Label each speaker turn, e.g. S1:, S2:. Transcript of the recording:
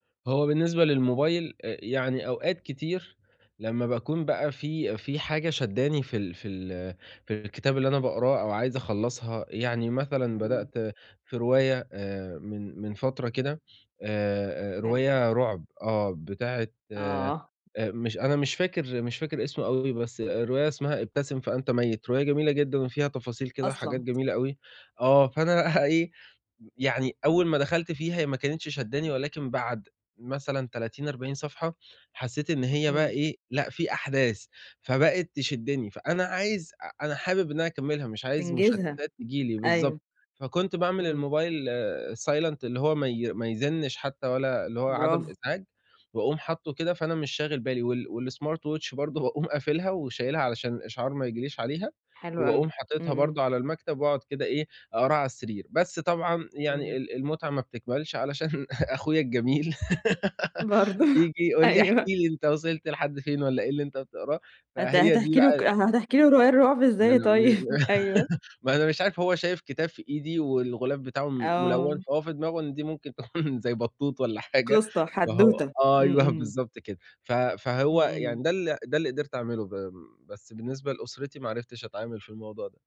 S1: هو بالنسبة للموبايل إ يعني أوقات كتير لمّا باكون بقى في في حاجة شدّاني في ال في ال في الكتاب اللي أنا باقراه أو عايز أخلصها يعني مثلًا
S2: إمم.
S1: بدأت في رواية آآ من من فترة كده، آآ
S2: حلو.
S1: رواية رعب، آه، بتاعة آآ
S2: آه.
S1: مش أنا مش فاكر مش فاكر اسمه أوي بس الرواية اسمها ابتسم فأنت ميّت، رواية جميلة جدًا وفيها تفاصيل كده وحاجات
S2: أصلًا!
S1: جميلة أوي. آه، فأنا إيه، م يعني أول ما دخلت فيها ما كانتش شدّاني ولكن بعد مثلًا 30، 40 صفحة حسيت إن هي بقى
S2: إمم.
S1: إيه، لأ في أحداث، فبقت تشدّني، فأنا عايز أ أنا حابب إن أنا أكملها مش عايز
S2: تنجزها،
S1: مشتتات تيجي لي،
S2: أيوه،
S1: بالضبط. فكنت باعمل
S2: إمم.
S1: الموبايل silent اللي هو ما ي ما يزنّش حتى ولا اللي هو عدم
S2: برافو.
S1: إزعاج، وأقوم حاطه كده فأنا مش شاغل بالي وال والsmart watch برضه باقوم قافلها وشايلها علشان الإشعار ما ييجي ليش عليها
S2: حلو أوي.
S1: وأقوم
S2: إمم،
S1: حاطتها
S2: إمم.
S1: برضه على المكتب وأقعد كده إيه أقراها على السرير. بس طبعًا يعني
S2: إمم.
S1: ال المتعة ما بتكملش علشان أخويا الجميل
S2: برضه،
S1: بييجي يقول لي احكِ
S2: أيوه.
S1: لي أنت وصلت لحد فين والّا إيه اللي أنت بتقراه،
S2: هت
S1: فهي دي
S2: هتحكي له ك
S1: بقى
S2: هتحكي له الرواية الرعب
S1: [unintelligible]
S2: إزاي طيب؟ أيوه.
S1: ما أنا مش عارف هو شايف كتاب في إيدي والغلاف بتاعه م مُلوَّن
S2: آه.
S1: فهو في دماغه إن دي ممكن تكون زي بطوط والّا حاجة
S2: قصه،
S1: فهو
S2: حدوته. إمم،
S1: أيوه
S2: إمم.
S1: بالضبط كده. ف
S2: إمم،
S1: فهو
S2: إمم.
S1: يعني ده ال ده اللي قدرت أعمله ب بس بالنسبة لأسرتي ما عرفتش أتعامل في الموضوع ده.